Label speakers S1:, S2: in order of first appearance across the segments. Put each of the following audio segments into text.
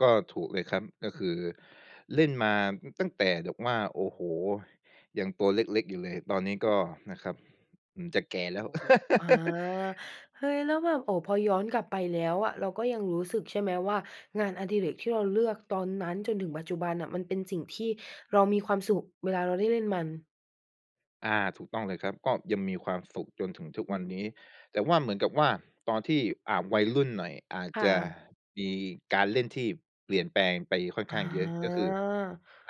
S1: ก็ถูกเลยครับ ก็คือ เล่นมาตั้งแต่แบบว่า โอ้โฮ! ยังตัวเล็ก ๆ อยู่เลย ตอนนี้ก็ นะครับ อืม จะแก่แล้ว
S2: [unintelligible] อา เฮ้ย! แล้วแบบ โอ้ พอย้อนกลับไปแล้วอะ เราก็ยังรู้สึกใช่ไหมว่า งานอดิเรกที่เราเลือกตอนนั้นจนถึงปัจจุบันน่ะ มันเป็นสิ่งที่เรามีความสุขเวลาเราได้เล่นมัน?
S1: อา ถูกต้องเลยครับ ก็ยังมีความสุขจนถึงทุก
S2: อื
S1: ว
S2: อ
S1: ัน
S2: ฮึ
S1: นี้ แต่ว่า เหมือนกับว่าตอนที่ อ่า วัยรุ่นหน่อย อาจ
S2: ค่
S1: จะ
S2: ะ
S1: มีการเล่นที่เปลี่ยนแปลงไปค่อน
S2: อ
S1: ข้า
S2: า
S1: งเยอะ ก็คือ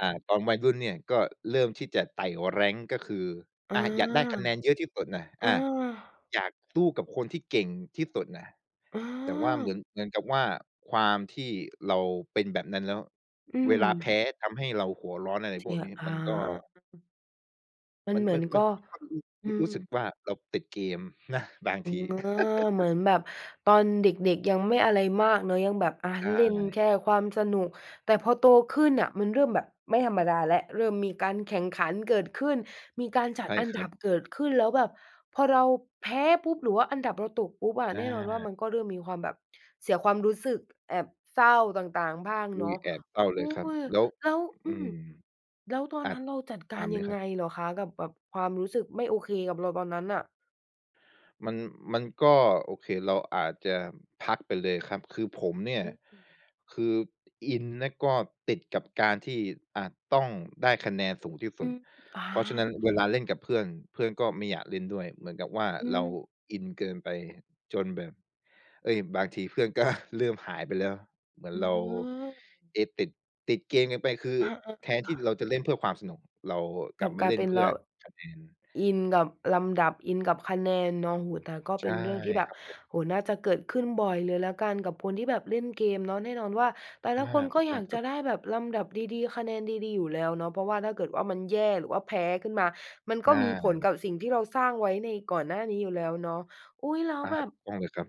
S1: อ่า ตอนวัยรุ่นเนี่ย ก็เริ่มที่จะไต่ rank ก็คือ
S2: อา
S1: อ่า อยากได้คะแนนเยอะที่สุดน่ะ
S2: อ
S1: อ
S2: า
S1: า อยากสู้กับคนที่เก่งที่สุดน่ะ
S2: อ
S1: แต่ว่าเหมื
S2: า
S1: อน เหมือนกับว่า ความที่เราเป็นแบบนั้นแล้ว
S2: อื
S1: เวลาแพ้
S2: ม
S1: ทำให้เราหัวร้อน อะไร
S2: เส
S1: พ
S2: ี
S1: วก
S2: ย
S1: นี้
S2: อ
S1: ม
S2: า
S1: ันก็
S2: มัน
S1: มัน
S2: เหมื
S1: ม
S2: อ
S1: ั
S2: น
S1: น
S2: ก
S1: มั
S2: ็
S1: น
S2: อื
S1: รู้ รู้สึก
S2: ม
S1: ว่า เราติดเกมนะ บาง
S2: อ
S1: ท
S2: ื
S1: ี
S2: ม อา เหมือนแบบตอนเด็ก ๆ ยังไม่อะไรมากเนาะ ยังแบบ อะ
S1: ใช
S2: เล่น
S1: ่
S2: แค่ความสนุก แต่พอโตขึ้นน่ะมันเริ่มแบบไม่ธรรมดาแล้ว เริ่มมีการแข่งขันเกิดขึ้น มีการจ
S1: ใ
S2: ัด
S1: ช่
S2: อัน
S1: ค
S2: ด
S1: รั
S2: ั
S1: บ
S2: บเกิดขึ้น แล้วแบบพอเราแพ้ปุ๊บ หรือว่าอันดับเราตกปุ๊บอะ
S1: อ
S2: แน่นอนว่า
S1: า
S2: มันก็เริ่มมีความแบบ เสียความรู้สึก แอบเศร้าต่าง ๆ บ้าง
S1: อ
S2: เ
S1: ุ
S2: น
S1: ๊
S2: าะ
S1: ย! แอบเศร้าเ
S2: อุ
S1: ล
S2: ๊
S1: ยครับ
S2: ย!
S1: แล้ว
S2: แล้ว อ
S1: อ
S2: ื
S1: ื
S2: ม
S1: ม
S2: แล้วตอน
S1: อะ
S2: นั้นเราจัดก
S1: ถ
S2: า
S1: า
S2: ร
S1: มเ
S2: ย
S1: ล
S2: ั
S1: ย
S2: ง
S1: ค
S2: ไ
S1: ร
S2: ง
S1: ับ
S2: เหรอคะ? กับแบบ ความรู้สึกไม่โอเคกับเรา ตอนนั้นน่ะ
S1: มัน มันก็โอเค เราอาจจะพักไปเลยครับ คือผมเนี่ย
S2: อือฮึ
S1: คืออินนะ ก็ติดกับการที่ อะ ต้องได้คะแนนสูงที่
S2: อ
S1: ส
S2: ื
S1: ุด
S2: ม อา
S1: เพราะฉะนั้นเวลาเล่นกับเพื่อน เพื่อนก็ไม่อยากเล่นด้วย เหมือนกับว่า
S2: อื
S1: เรา
S2: อ
S1: อินเกินไปจนแบบ เฮ้ย! บางทีเพื่อน ก็ เริ่มหายไปแล้ว เหมือ
S2: อ
S1: น
S2: ื
S1: เร
S2: ม
S1: า
S2: อา
S1: เอ๊ ติด ติดเกมเกินไป คือ
S2: อะ ๆ ๆ อ
S1: แทนที่
S2: า
S1: เราจะเล่นเพื่อความสนุก เราก
S2: ก
S1: ล
S2: ล
S1: ั
S2: ั
S1: บ
S2: บ
S1: มา
S2: กล
S1: เ
S2: า
S1: ล
S2: ย
S1: ่
S2: เ
S1: น
S2: ป็น
S1: เพื่
S2: เร
S1: อ
S2: า
S1: คะแนน
S2: อินกับลำดับ อินกับคะแนนเนาะ โอ้ แต่ก็
S1: ใช
S2: เป็
S1: ่
S2: นเรื่องที่แบ
S1: ค
S2: บ
S1: รับผม
S2: โอ้ น่าจะเกิดขึ้นบ่อยเลยแล้วกันกับคนที่แบบเล่นเกมเนาะ แน่นอนว่า แต่
S1: อ
S2: ละ
S1: า
S2: คนก
S1: ถ
S2: ็
S1: ูก
S2: อ
S1: ต
S2: ย
S1: ้อ
S2: า
S1: ง
S2: ก
S1: ค
S2: จ
S1: รั
S2: ะ
S1: บ
S2: ได้แบบลำดับดี ๆ คะแนนดี ๆ อยู่แล้วเนาะ เพราะว่าถ้าเกิดว่า มันแย่หรือว่าแพ้ขึ้นมา มัน
S1: ใ
S2: ก
S1: ช
S2: ็มีผล
S1: ่
S2: กับสิ่งที่เราสร้างไว้ในก่อนหน้านี้อยู่แล้วเนาะ อุ๊ย แล้ว
S1: อา
S2: แบบ
S1: ถูกต้องเลยครับ